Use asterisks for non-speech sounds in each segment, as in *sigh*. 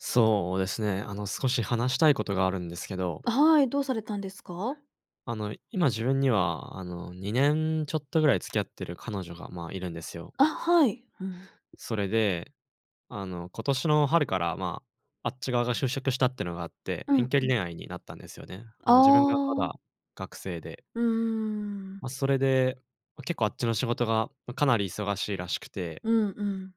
そうですね。あの、少し話したいことがあるんですけど。あ、はい。どうされたんですか？あの、今自分には、あの、2年ちょっとぐらい付き合ってる彼女が、まあ、いるんですよ。あ、はい。うん。それで、あの、今年の春からま、あっち側が就職したってのがあって、う遠ん距う離ん。恋愛になったんですよね。ああの、自分がまあ。だ学生で。うーん。ま、それで、ま、結構あっちの仕事が、ま、かなり忙しいらしくて。うんうん。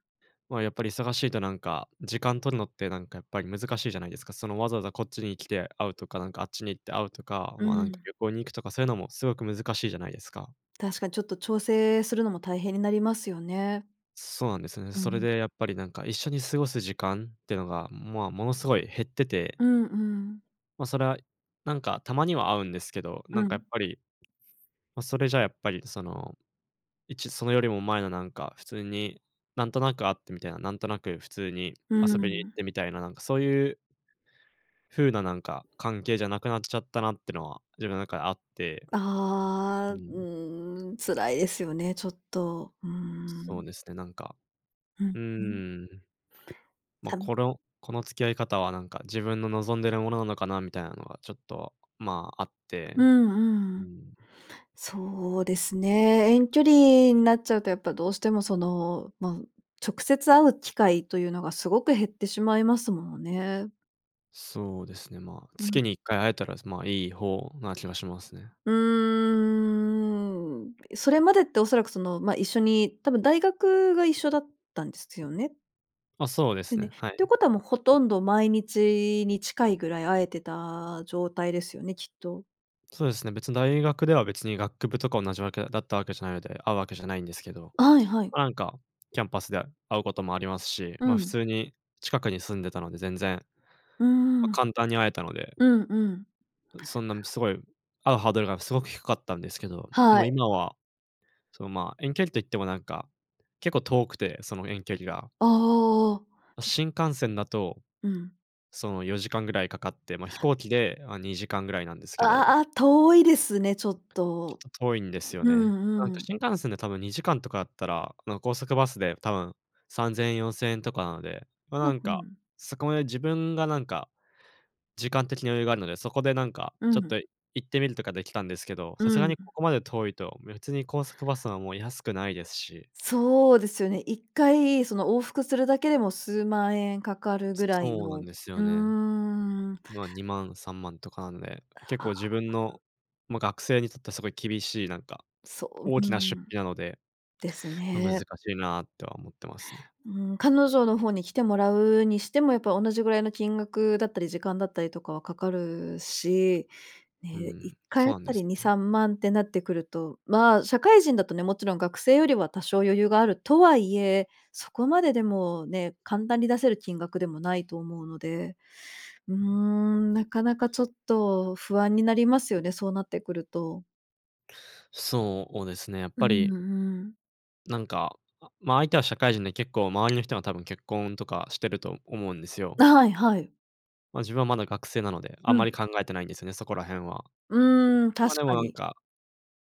ま、やっぱり忙しいと、なんか、時間取るのって、なんか、やっぱり難しいじゃないですか。その、わざわざこっちに来て会うとか、なんか、あっちに行って会うとか、うま、なんか、ん。旅行に行くとか、そういうのもすごく難しいじゃないですか。確かに、ちょっと調整するのも大変になりますよね。そうなんですね。うそれん。で、やっぱり、なんか、一緒に過ごす時間ってのが、まあ、ものすごい減ってて。うんうん。ま、それは、なんか、たまには会うんですけど、なうんか、やん。っぱり、ま、それじゃ、やっぱり、その、いちそのよりも前の、なんか、普通になんとなく会ってみたいな、なんとなく普通にうー遊びに行っん。てみたいな、なんか、そういう風な、なんか、関係じゃなくなっちゃったなってのは、自分の中であって。あうあ。うん。ーん、辛いですよね、ちょっと。うーそん。うですね、なんか。うんううん。ーん。ま、さみこれをこの付き合い方は、なんか、自分の望んでるものなのかなみたいなのは、ちょっと、まあ、あって。うんううーん。ん。そうですね。遠距離なっちゃうと、やっぱどうしても、その、ま、直接会う機会というのがすごく減ってしまいますものね。そうですね、まあ、うん。月に1回会えたら、そ、まあ、いい方な気はしますね。うーん。え、それまでって恐らく、その、ま、一緒に多分大学が一緒だったんですよね？ま、そうでですね。っね。はてい。ことは、もうほとんど毎日に近いぐらい会えてた状態ですよね、きっと。そうですね、別に大学では別に学部とか同じ訳だった訳じゃないので、会う訳じゃないんですけど、はいはい。ま、なんか、キャンパスで会うこともありますし、うま、普ん。通に近くに住んでたので全然、うーま、ん。簡単に会えたので。うんうん。う、そんな、むすごい、*unintelligible* 会うハードルがすごく低かったんですけど、はもい。う今は、その、ま、遠距離と言っても、なんか、結構遠くて、その遠距離が。ああ。ま、新幹線だと、うん。その、4時間ぐらいかかって、ま、飛行機で、あ、2時間ぐらいなんですけあど。ああ、遠いですね、ちょっちょと。っと遠いんですようね。うなんんうで、ん。新幹線で多分2時間とかだったら、あの、高速バスで多分、3000円、4000円とかなので、ま、なん *unintelligible* ふか、ん。そこまで自分が、なんか、時間的に余裕があるので、そこで、なんか、うちょっん。と行ってみるとか出来たんですけど、さすうがにん。ここまで遠いと、別に高速バスはもう安くないですし。そうですよね。1回その往復するだけでも数万円かかるすぐらいそうなの、んうですよね。ーん。ま、2万、3万とかなので、結ああ。な構ん自分かの、ま、学生にとってはすごい厳しい、なんか、そ大う、うきな出ん。費なので、ですま、難しね。いなとは思ってますね。うーん、彼女の方に来てもらうにしても、やっぱ同じぐらいの金額だったり時間だったりとかはかかるし、うーね、いっん、かいそあうなんたですりによね。さんまんってなってくると、ま、社会人だとね、もちろん学生よりは多少余裕があるとはいえ、そこまで、でもね、簡単に出せる金額でもないと思うので。うーん、なかなかちょっと不安になりますよね、そうなってくると。そうですね、やっうぱんりうん。なんか、あ、ま、相手は社会人で結構周りの人が多分結婚とかしてると思うんですよ。なはいはい。ま、自分はまだ学生なので、あうんんうまりん。考えてないんですよね、そこら辺は。うーん、確ま、でもかなんに。か、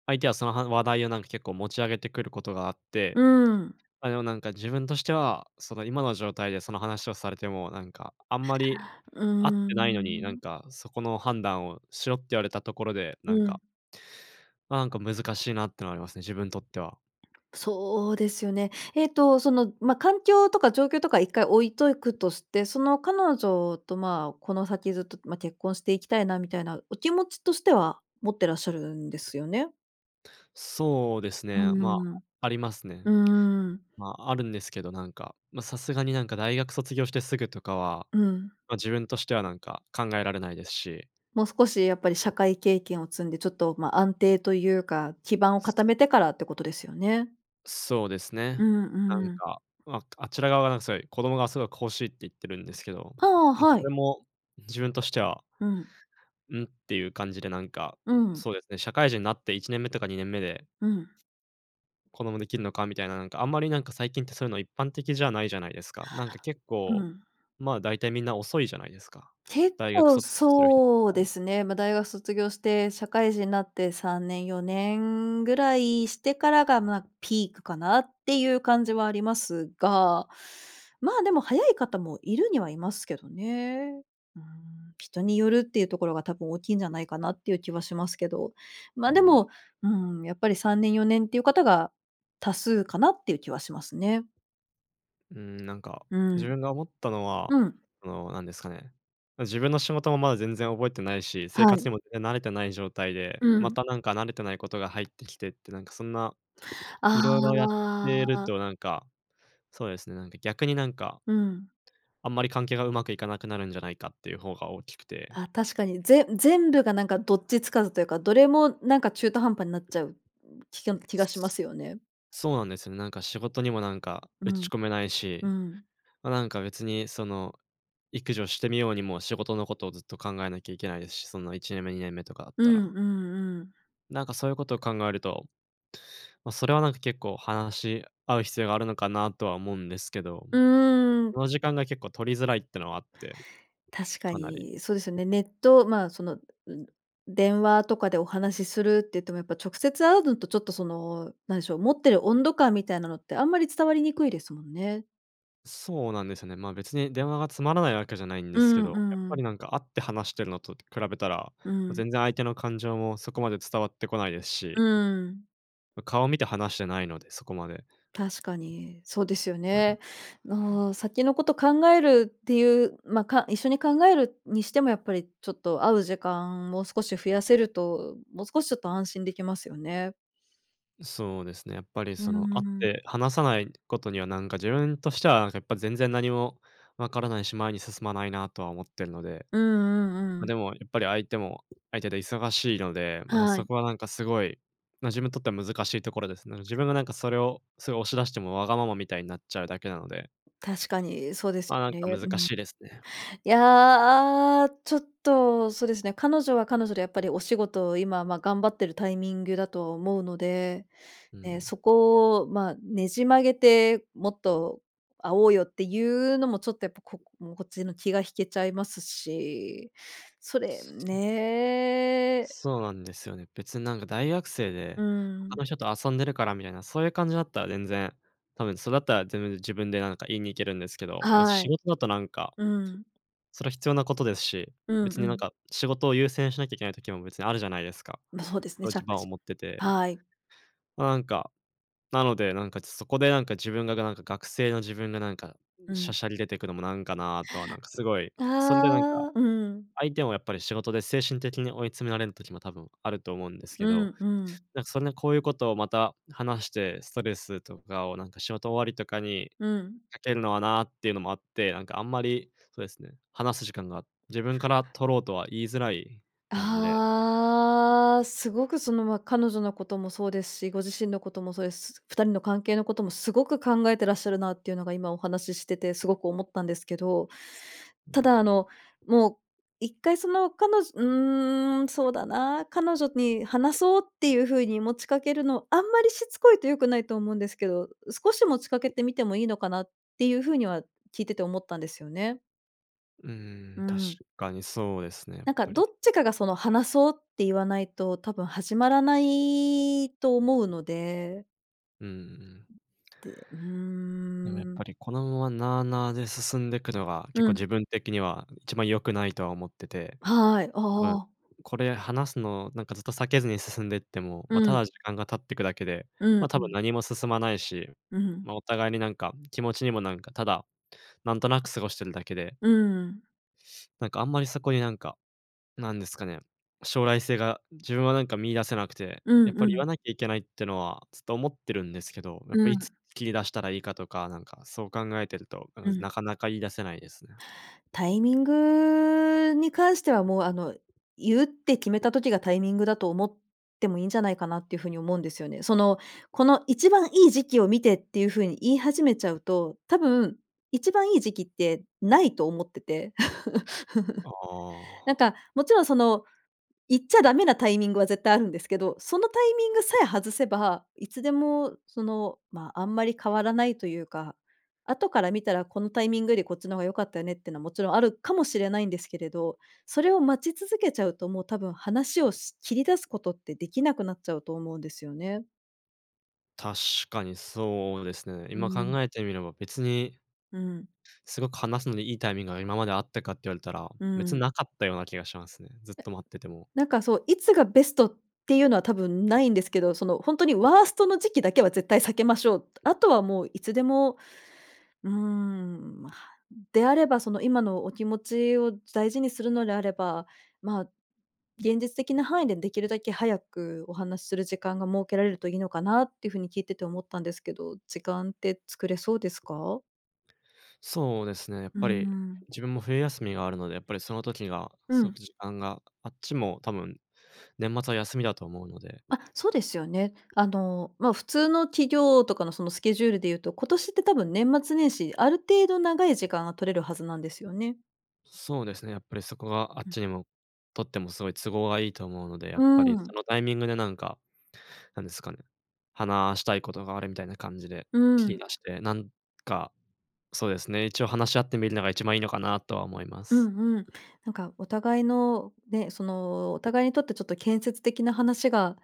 相手はそのはん話題をなんか結構持ち上げてくることがあって、うん。あ、よなんか自分としては、その、今の状態でその話をされても、なんかあんまりう会っーてないのに、なんん。かそこの判断をしろって言われたところで、うなんかん。ま、なんか難うん。しいなっていうのはありますね、自分とっては。そうですよね。えっと、その、ま、環境とか状況とか一回置いとくとして、その彼女とまあ、この先ずっと、ま、結婚していきたいなみたいなお気持ちとしては、持ってらっしゃるんですよね？そうですうね、ま、ーん。ありますね。うーん。ま、あるんですけど、なんか、ま、さすがになんか大学卒業してすぐとかは、うん。ま、自分としてはなんか考えられないですし。もう少しやっぱり社会経験を積んでちょっと、ま、安定というか、基盤をうす固めわ。てからってことですよね？そうですね。うんなんうん。か、まあ、あちら側なんせ、子供がすごく欲しいって言ってるんですけど、ああ、で、はそい。れも自分としてはうん。「ん」っていう感じで、なんか、うん。そうですね、社会人になって1年目とか2年目でうん。子供できるのかみたいな、なんか、あんまり、なんか、最近ってそういうの一般的じゃないじゃないですか。なんか、結う構、ん。ま、だいたいみんな遅いじゃないですか、結大学構卒する人たちそうでは。すね、ま、大学卒業して社会人になって3年、4年ぐらいしてから、ま、ピークかなっていう感じはありますが。まあ、でも早い方もいるにはいますけどね。うーん、人によるっていうところが多分大きいんじゃないかなっていう気はしますけど。うま、ーでん。も、うーん、やっぱり3年、4年っていう方が多数かなっていう気はしますね。うーん。なんか、うー自ん。分が思ったのは、うん。あの、なんですかね、ま、自分の仕事もまだ全然覚えてないし、生は活い。にもぜぜん慣れてない状態で、うまん。た、なんか、慣れてないことが入ってきてって、なんか、そんな、あ色々やってあ、るあ。と、なんか、そうですね、なんか、逆になんかうん。あんまり関係がうまくいかなくなるんじゃないかっていう方が大きくて。あ、確かに、ぜ全部が、なんか、どっちつかずというか、どれも、なんか、中途半端になっちゃう、ん、気けん気がしますよね。そうなんですよね。なんか、仕事にもなんかう打ちん。込めないうし、ん。ま、なんか、別に、その、育児をしてみようにも仕事のことをずっと考えなきゃいけないですし、そんな1年目、2年目とかだっうたんら。うんうん。なんか、そういうことを考えると、ま、それは、なんか、結構話し合う必要があるのかなとは思うんですけど、うーん。その時間が結構取りづらいっていうのはあって、確かかなり。に、そうですよね。ネット、ま、その、う電話とかでお話しするって言っても、やっぱ直接会うのとちょっと、その、なんでしょ、持ってる温度感みたいなのってあんまり伝わりにくいですもんね。そうなんですよね。ま、別に電話がつまらないわけじゃないんでうーすけんど、うやっーぱん。り、なんか、会って話してるのと比べたら、うーん。全然相手の感情も、そこまで伝わってこないですうし。ーん。ん、顔を見て話してないので、そこまで。確かに、そうですよ *unintelligible* ね。うん。ああ、先のこと考えるっていう、ま、か一緒に考えるにしても、やっぱり、ちょっと会う時間を少し増やせると、も少しちょっと安心出来ますよね。う、そうですね。やっぱり、うーその、会っん。て話さないことには、なんか、自分としてはやっぱ全然何も分からないし、前に進まないなとは思ってるので。うんうんうま、ん。でもやっぱり相手も相手で忙しいので、ま、はそい。こは、なんか、すごい、ま、自分にとっては難しいところですね。自分がなんかそれを、すごい押し出しても、わがままみたいなっちゃうだけなので。確かに、そうですま、なんよかね、難うん。しいですね。いや、ちょっと、そうですね、彼女は彼女でやっぱりお仕事を今ま、頑張ってるタイミングだと思うので、うーね。そん。こを、ま、ねじ曲げてもっと会おうよっていうのも、ちょっとやっぱこもこっちの気が引けちゃいますし、それそのね。そうなんですよね。別に、なんか、大学生うで、他ん。の人と遊んでるからみたいな、そういう感じだったら全然、多分それだったら自分で自分で、なんか、言いに行けるんですけど、ま、は仕い。事だと、なんか、うん。それ必要なことですし、うん別うに、なんん。か、仕事を優先しなきゃいけない時も別にあるじゃないですか。ま、そうですね、ち立ゃ場を持って *unintelligible* て。はい。ま、なんか、なので、なんか、ちそこで、なんか、自分がが、なんか、学生の自分が、なんか、うしゃん。しゃり出てくのもなんかなとは、なんか、すごい、それで、なんか、ああ、うん。相手もやっぱり仕事で精神的に追い詰められる時も多分あると思うんですけうど、んうん。なんか、そんでこういうことをまた話して、ストレスとかを、なんか、仕事終わりとかにうん。かけるのはなっていうのもあって、なんか、あんまり、そですね、話す時間が、自分から取ろうとは言いづらい感じで。ああ。すごく、その、ま、彼女のこともそうですし、ご自身のこともそうで、す2人の関係のこともすごく考えてらっしゃるなっていうのが今お話ししててすごく思ったんですけど、うたん。だ、あの、もう一回その彼女うーん、そうだな、彼女に話そうっていう風に持ちかけるの、あんまりしつこいと良くないと思うんですけど、う、少し持ちかけてみてもいいのかなっていう風には聞いてて思ったんですよね。ううーん、確ん。かにそうですね、やっなんか、ぱり。どっちかが、その、話そうって言わないと、多分始まらないと思うので。うーん。で、うでも、やっーん。ぱりこのまま、なあなあで進んでくのが、結う構ん。自分的には一番良くないとは思ってて、はい、多分、ああ。これ話すの、なんか、ずっと避けずに進んでっても、ま、うたん。だ時間が経ってくだけで、うんま、う多分ん。何も進まないし、うん。ま、お互いに、なんか、気持ちにも、なんか、ただなんとなく過ごしてるだけでうん。なんか、あんまりそこに、なんか、なんですかね、将来性が自分は、なんか、見出せなくて。うやっんぱうり言ん。わなきゃいけないってのはずっと思ってるんですけど、やっぱうりいつん。切り出したらいいかとか、なんか、そう考えてると、多う分ん。なかなか言い出せないですね。タイミングに関しては、もう、あの、言うって決めた時がタイミングだと思ってもいいんじゃないかなってふうに思うんですよね。その、この一番いい時期を見てっていうふうに言い始めちゃうと、多分一番いい時期ってないと思ってて。あ *chuckles* なんあ。か、もちろん、その、言っちゃダメなタイミングは絶対あるんですけど、そのタイミングさえ外せば、いつでも、その、ま、あんまり変わらないというか、後から見たらこのタイミングよりこっちの方が良かったよねってのは、もちろんあるかもしれないんですけれど、それを待ち続けちゃうと、もう多分話をし切り出すことってできなくなっちゃうと思うんですよね。確かにそうですね、うー今考ん。えてみれば別にうん。すごく話すのにいいタイミングが今まであったかって言われたら、うめつんん。なかったような気がしますね。ずっえ、と待ってても。なんかそう、いつがベストっていうのは多分ないんですけど、そのほんとにワーストの時期だけは絶対避けましょう。たあとはもういつでも。うーん、ま、うん、であればその今のお気持ちを大事にするのであれば、まあ、現実的な範囲でできるだけ早くお話しする時間が設けられるといいのかなってふうに聞いてて思ったんですけど、時間って作れそうですか？そうですね、やっうーぱり、ん。自分も冬休みがあるので、やっぱりその時がうすごくん。じあんが、ああっちも多分、年末は休みだと思うので。あ、そうですよね。あの、ま、普通の企業とかの、その、スケジュールで言うと、今年って多分年末年始、ある程度長い時間が取れるはずなんですよね。そうですね、やっぱりそこがあっうん。ちにも、とってもすごい都合がいいと思うので、やうっぱーりん。そのタイミングでなんか、なんですかね、話したいことがあるみたいな感じで、う切りん。出して、なんか、そうですね、一応話し合ってみるのが一番いいのかなとは思いまうす。んうん。なんかお互いの、ね、その、お互いにとってちょっと建設的な話が、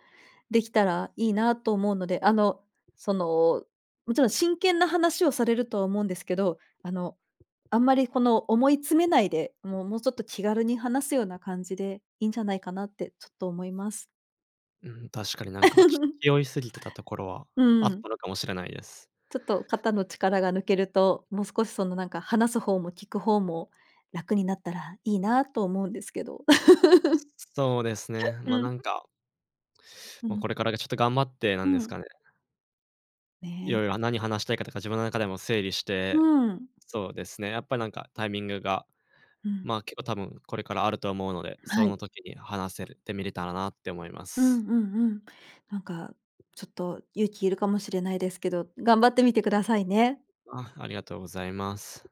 できたらいいなと思うので、あの、その、もちろん真剣な話をされると思うんですけど、あの、あんまり、この、思い詰めないで、もう、もうちょっと気軽に話すような感じで、いいんじゃないかなってちょっと思います。うん、確かになんかちゅ *laughs* 気負いすぎてたところはうあっん。たのかもしれないです。ちょっと肩の力が抜けると、もう少しその、なんか話す方も聞く方も楽になったらいいなと思うんですけど。*laughs* そうですね、ま、うなん。んかうま、ん。これからがちょっと頑張ってなうんですん。かね。いね。ろいろ、あ、何話したいかとか自分の中でも整理しうて、ん。そうですね、やっぱりなんかタイミングがうん。ま、結構多分、これからあると思うので、そはい。の時に話せるてみれたらなって思いまうす。んうんうん。なんかちょっと勇気いるかもしれないですけど、頑張ってみてくださいね。あ、ありがとうございます。